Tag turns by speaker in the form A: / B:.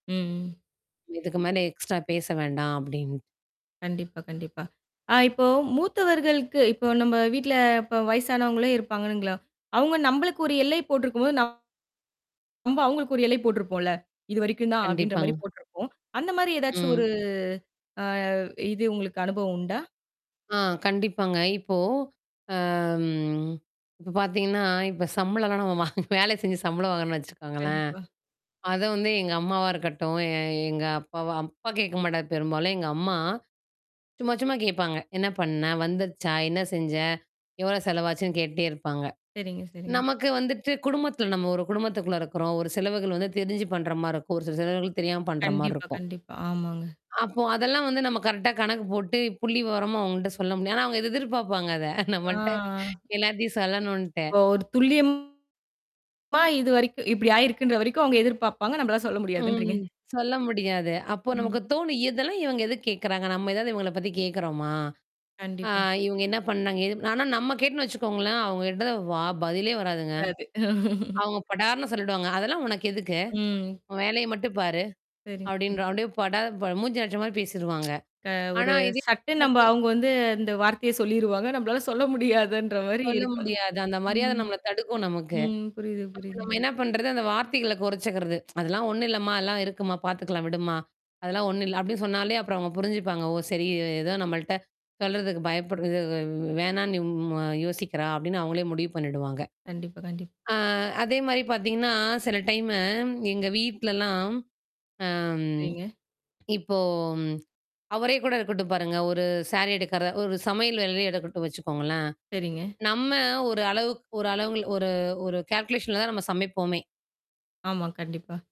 A: ம்.
B: இதுக்கு மேல எக்ஸ்ட்ரா பேச வேண்டாம் அப்பிடின்.
A: கண்டிப்பா, கண்டிப்பா. ஆ இப்போ மூத்தவர்களுக்கு இப்போ நம்ம வீட்ல இப்ப வயசானவங்களே இருப்பானுங்களா, அவுங்க நம்பளுக்கு ஒரு எல்லை போட்டு இருக்கும்போது, நம்ப- அவுங்களுக்கு ஒரு எல்லை போட்ருப்போம்ல. இதுவரைக்கும் தான் அப்பிடின்ற மாரி
B: கண்டிப்பாங்க.
A: போட்டுருப்போம். அந்தமாரி ஏதாச்சும்
B: ம்.
A: ஒரு ஆ இது உங்களுக்கு அனுபவம் உண்டா?
B: ஆ கண்டிப்பாங்க. இப்போ, அம் இப்ப பாத்தீங்கன்னா, இப்ப சம்பளம்லாம் நம்ம வேல செஞ்சு சம்பள வாங்குறோன்னு வச்சுக்கோங்களேன்.
A: கண்டிப்பா.
B: அத வந்து எங்க அம்மாவா இருக்கட்டும், எ எங்க அப்பாவ அப்பா கேட்க மாட்டாரு, பெரும்பாலும் எங்க அம்மா சும்மா, சும்மா கேப்பாங்க. "என்ன பண்ண வந்துருச்சா? என்ன செஞ்ச? எவ்ளோ செலவாச்சுன்னு" கேட்டுட்டே இருப்பாங்க.
A: சரிங்க, சரிங்க.
B: நமக்கு வந்துட்டு குடும்பத்தில நம்ம ஒரு குடும்பத்துக்குள்ள இருக்குறோம். ஒரு செலவுகள் வந்து தெரிஞ்சு பண்றமாரி இருக்கும். ஒரு சில செலவுகள் தெரியாம பண்றமாரி
A: கண்டிப்பா,
B: இருக்கும்.
A: கண்டிப்பா. ஆமாங்க.
B: அப்போ அதெல்லாம் வந்து நம்ம கரெக்ட்டா கணக்கு போட்டு புள்ளி விவரமா அவுங்கள்ட்ட சொல்ல முடியாத், ஆனா அவுங்க எதிர்பார்ப்பாங்க அத.
A: ஆ.
B: நம்மள்ட்ட எல்லாத்தையும் சொல்லணும்ன்ட்டு.
A: ஓ! ஒரு துல்லியம். ஆமா இதுவரைக்கும், இப்பிடி ஆயிருக்கின்ற வரைக்கும் அவுங்க எதிர்பாப்பாங்க. நம்மளா சொல்ல முடியாதுன்றீங்க.
B: ம். சொல்ல முடியாது. அப்போ
A: ம்.
B: நமக்கு தோணும். "இதெல்லாம் இவுங்க எதுக்கு கேட்கிறாங்க? நம்ம ஏதாவது இவுங்கள பத்தி கேட்கிறோமா? ஆ
A: கண்டிப்பா.
B: இவுங்க என்ன பண்ணாங்க? ஏது" ஆனா நம்ம கேட்டோன்னு வச்சுக்கோங்களேன், அவுங்க கிட்ட வா பதிலே வராதுங்க.
A: வராது.
B: அவுங்க படார்ன்னு சொல்லிடுவாங்க, "அதெல்லாம் உனக்கு எதுக்கு?
A: ம்.
B: உன் வேலைய மட்டும் பாரு", அப்பிடின்ற
A: சரிங்க.
B: அப்பிடியே படார் ப மூஞ்சில அடிச்சமாரி பேசிருவாங்க.
A: க ஒரு
B: ஆனா இது,
A: சட்டு நம்ம
B: ஓகே.
A: அவுங்க வந்து அந்த வார்த்தைய சொல்லிருவாங்க. நம்மளால சொல்ல முடியாதுன்ற மாரி
B: சொல்ல
A: இருக்கும்.
B: முடியாது. அந்த மரியாத
A: ம்,
B: நம்மள தடுக்கும் நமக்கு.
A: ம், புரியுது,
B: அப்ப நம்ம
A: புரியுதுங்க.
B: என்ன பண்றது, அந்த வார்த்தைகள குறைச்சுக்கிறது "அதெல்லாம் ஒன்னும் இல்லம்மா! அதல்லாம் இருக்கும்மா! பாத்துக்கலாம் விடும்மா! அதெல்லாம் ஒன்னும் இல்ல." அப்பிடி சொன்னாலே அப்புறம் அவுங்க புரிஞ்சுப்பாங்க. "ஓ! சரி இவ ஏதோ நம்மள்ட்ட சொல்றதுக்கு பயப்படுருது வ் வே வேணான்னு ம் அ யோசிக்கிறா!" அப்பிடின்னு அவுங்களே முடிவு பண்ணிடுவாங்க.
A: கண்டிப்பா, கண்டிப்
B: ஆ அதேமாரி பாத்தீங்கன்னா, சில டைம்மு எங்க வீட்லலாம், அ ம்.
A: சரிங்க.
B: இப்போ, அவரே கூட இருக்கட்டும் பாருங்க. ஒரு சாரி எடுக்கிற ஒரு சமையல் வேலையே எடுக்கட்டும் வச்சுக்கோங்களேன்.
A: சரிங்க.
B: நம்ம ஒரு அளவுக்கு ஒரு அளவுங்க ஒரு ஒரு கால்குலேஷன்ல தான் நம்ம சமைப்போமே!
A: ஆமா, கண்டிப்பா.